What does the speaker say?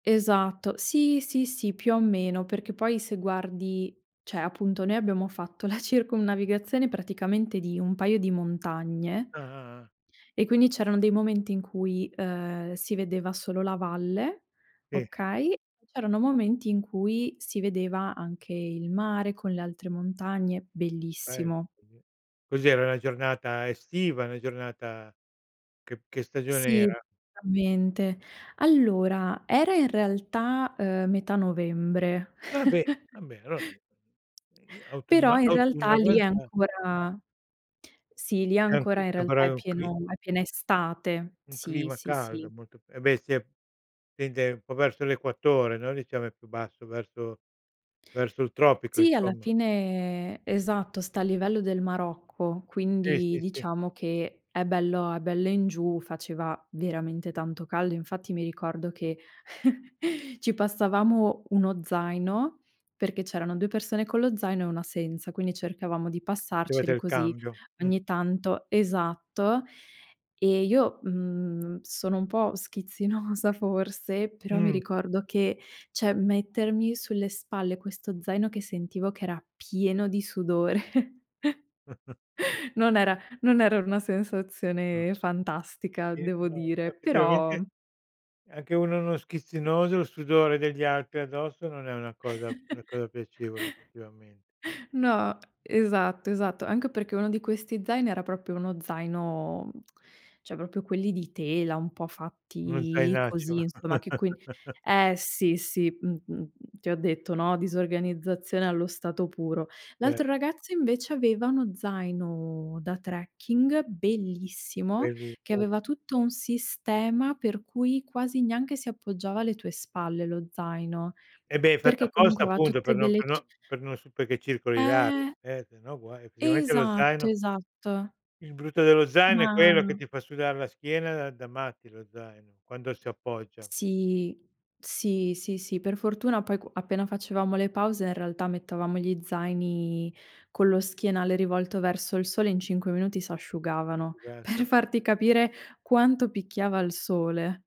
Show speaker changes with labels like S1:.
S1: Esatto. Sì, sì, sì, più o meno. Perché poi se guardi, cioè appunto noi abbiamo fatto la circumnavigazione praticamente di un paio di montagne
S2: Ah, ah, ah.
S1: e quindi c'erano dei momenti in cui, uhm, si vedeva solo la valle,
S2: E
S1: okay, c'erano momenti in cui si vedeva anche il mare con le altre montagne,
S2: [unintelligible]
S1: bellissimo.
S2: cos'era una giornata estiva, una giornata che che stagione
S1: Sì,
S2: era?
S1: veramente. Allora era in realtà, ehm, metà novembre.
S2: Vabbè, vabbè allora in i i autunno
S1: Però in
S2: autunno
S1: realtà lì è
S2: avanza
S1: ancora sì, lì
S2: È anco
S1: ancora in
S2: c'è
S1: realtà
S2: ancora
S1: è
S2: un cli
S1: pieno è piena estate.
S2: un
S1: Sì,
S2: clima
S1: sì, sì.
S2: caldo molto eh beh si e tende un po' verso l'equatore, no, diciamo è più basso verso verso il tropico
S1: Sì, alla
S2: insomma.
S1: fine esatto, sta a livello del Marocco,
S2: Eh
S1: quindi
S2: sì, sì.
S1: diciamo che è bello è bello in giù, faceva veramente tanto caldo. Infatti mi ricordo che ci passavamo 1 zaino perché c'erano 2 persone con lo zaino e 1 senza, quindi cercavamo di
S2: C'avete
S1: passarceli
S2: il
S1: così
S2: cambio, mh.
S1: ogni tanto esatto, e io, mhmm, sono un po' schizzinosa forse, però mi
S2: Mh.
S1: ricordo che cioè, mettermi sulle spalle questo zaino che sentivo che era pieno di sudore non era non era una
S2: Ah.
S1: sensazione fantastica,
S2: Eh
S1: devo
S2: no,
S1: dire, però
S2: effettivamente anche uno uno schizzinoso, il sudore degli atri addosso non è una cosa una cosa piacevole effettivamente.
S1: No, esatto, esatto. Anche perché uno di questi zaini era proprio uno zaino cioè proprio quelli di tela, un po'
S2: Uno
S1: fatti
S2: zainaccio.
S1: così insomma, che quin eh sì, sì, mh-mh, ti ho detto, no, disorganizzazione allo stato puro.
S2: Ver
S1: L'altro ragazzo invece aveva uno zaino da trekking bellissimo,
S2: Quelli
S1: che
S2: poi.
S1: aveva tutto un sistema per cui quasi neanche si appoggiava alle tue spalle lo zaino,
S2: Eh beh, è fatta
S1: perché
S2: apposta
S1: comunque aveva
S2: appunto
S1: tutte
S2: per non
S1: delle
S2: per
S1: ci
S2: non per non su perché circoli l'aria,
S1: Eh.
S2: eh sennò guai effettivamente lo
S1: Esatto,
S2: zaino
S1: esatto.
S2: Il brutto dello zaino è quello, che
S1: Ma
S2: ti fa sudar la schiena da da matti lo zaino, quando si appoggia.
S1: Sì, sì, sì, sì per fortuna poi q appena facevamo le pause in realtà mettevamo gli zaini con lo schienale rivolto verso il sole, in 5 minuti
S2: Si
S1: s'asciugavano, per
S2: asciugassero.
S1: farti capire quanto picchiava il sole.